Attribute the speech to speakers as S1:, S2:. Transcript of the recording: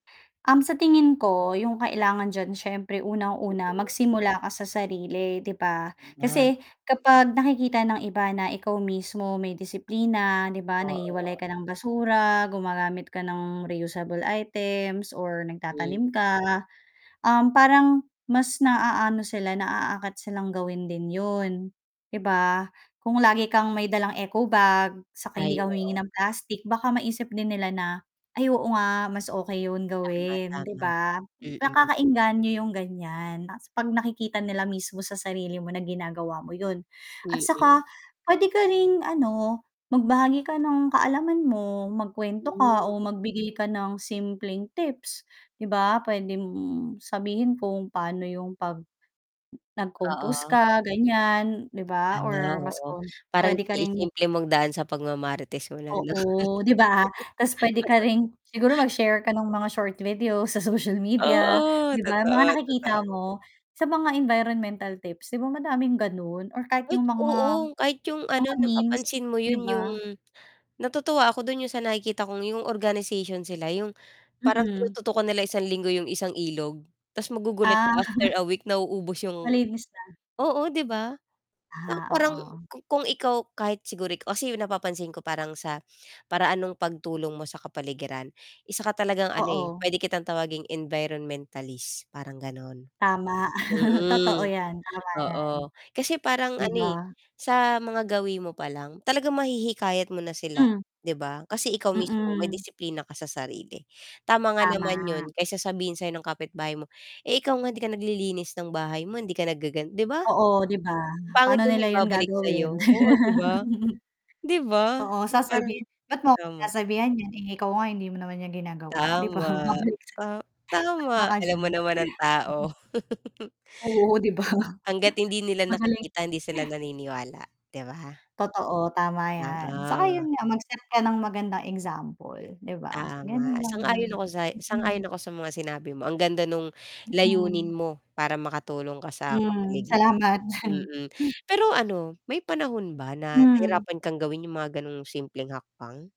S1: Um, sa tingin ko yung kailangan diyan syempre unang-una
S2: Mm.
S1: magsimula ka sa sarili, 'di ba?
S2: Ah.
S1: Kasi kapag nakikita ng iba na ikaw mismo may disiplina 'di ba, naghihiwalay
S2: Oo.
S1: ka ng basura, gumagamit ka ng reusable items or
S2: Hmm.
S1: nagtatanim ka, um, parang mas naaano sila, naaakit silang gawin din 'yun 'di ba? Kung lagi kang may dalang eco bag, saka hindi
S2: Ay,
S1: ka humihingi
S2: oo.
S1: ng plastic, baka maisip din nila na, "Ay oo nga, mas okey yun
S2: Tama,
S1: gawin" 'di
S2: tama.
S1: ba?
S2: Mm.
S1: Nakakaengganyo yung ganyan, 'tas 'pag nakikita nila mismo sa sarili mo na ginagawa mo 'yun. At
S2: Mm.
S1: saka, pwede ka ring ano magbahagi ka ng kaalaman mo, magkwento ka
S2: Hmm.
S1: o magbigay ka ng simpleng tips 'di ba, pwede mong sabihin kung paano yung 'pag nag-compose
S2: Oo.
S1: ka ganyan 'di ba
S2: Ah,
S1: or mas
S2: oo
S1: com
S2: parang
S1: pwede ka ring
S2: si-simple mong idaan sa pagmamarites mo ano.
S1: Oo, 'di ba? 'Tas pwede ka rin siguro mag-share ka nung mga short video sa social media
S2: Oo!
S1: 'di ba, mga
S2: Totoo,
S1: nakikita
S2: totoo.
S1: mo sa mga environmental tips 'di ba, madaming ganun or kahit
S2: Ay,
S1: yung mga
S2: oo. Kahit 'yung ano
S1: mga memes,
S2: napapansin mo
S1: 'di
S2: 'yun, yung
S1: ba?
S2: natutuwa ako do'n yung sa nakikita kong yung organization sila 'yung parang
S1: Mm.
S2: tinututukan nila isang linggo 'yung isang ilog, tas magugulat
S1: Ah.
S2: ka after a week nauubos 'yung
S1: Malinis na.
S2: oo, 'di ba? Pang
S1: Ah,
S2: parang
S1: oo.
S2: kung ikaw kahit siguro, kasi napapansin ko parang sa paraan nung pagtulong mo sa kapaligiran, isa ka talagang ano, eh,
S1: Oo.
S2: pwede kitang tawaging environmentalist, parang ganon.
S1: Tama, totoo
S2: Mm,
S1: yan, tama yan.
S2: oo, kasi parang
S1: 'Di
S2: ano, eh,
S1: ba?
S2: sa mga gawi mo pa lang talagang mahihikayat mo na sila
S1: Hmm
S2: 'di ba, kasi ikaw mismo may
S1: Mm.
S2: disiplina ka sa sarili, tama nga naman
S1: Tama.
S2: yun kesa sabihin sa'yo ng kapitbahay mo, "Eh, ikaw nga hindi ka naglilinis ng bahay mo hindi ka naggagan" 'di ba?
S1: Oo, 'di ba?
S2: Pangit
S1: Paano
S2: yung
S1: nila yun
S2: ibabalik sa'yo,
S1: gagawin?
S2: oo 'di ba, 'di ba?
S1: Oo,
S2: Parang,
S1: sasabihin, ba't mo ko
S2: tama.
S1: sasabihan nyan, eh, ikaw nga hindi mo naman yan ginagawa, 'di ba?
S2: Tama.
S1: babalik sa'yo.
S2: Ta
S1: Tama
S2: tama,
S1: ka
S2: alam
S1: diyan.
S2: mo naman ang tao.
S1: Oo, 'di ba?
S2: Hangga't hindi nila
S1: Magaling.
S2: nakikita, hindi sila naniniwala, 'di ba?
S1: Totoo, tama yan, saka
S2: Oo.
S1: 'yun nga mag-set ka ng magandang example 'di ba.
S2: Tama,
S1: Ganun lang yun.
S2: sang-ayon ako sa sang-ayon
S1: Mm.
S2: ako sa mga sinabi mo ang ganda nung layunin
S1: Mm.
S2: mo para makatulong ka sa
S1: Hmm,
S2: kapaligiran,
S1: salamat.
S2: mm. Pero ano may panahon ba na
S1: Hmm.
S2: nahirapan kang gawin yung mga ganong simpleng hakbang?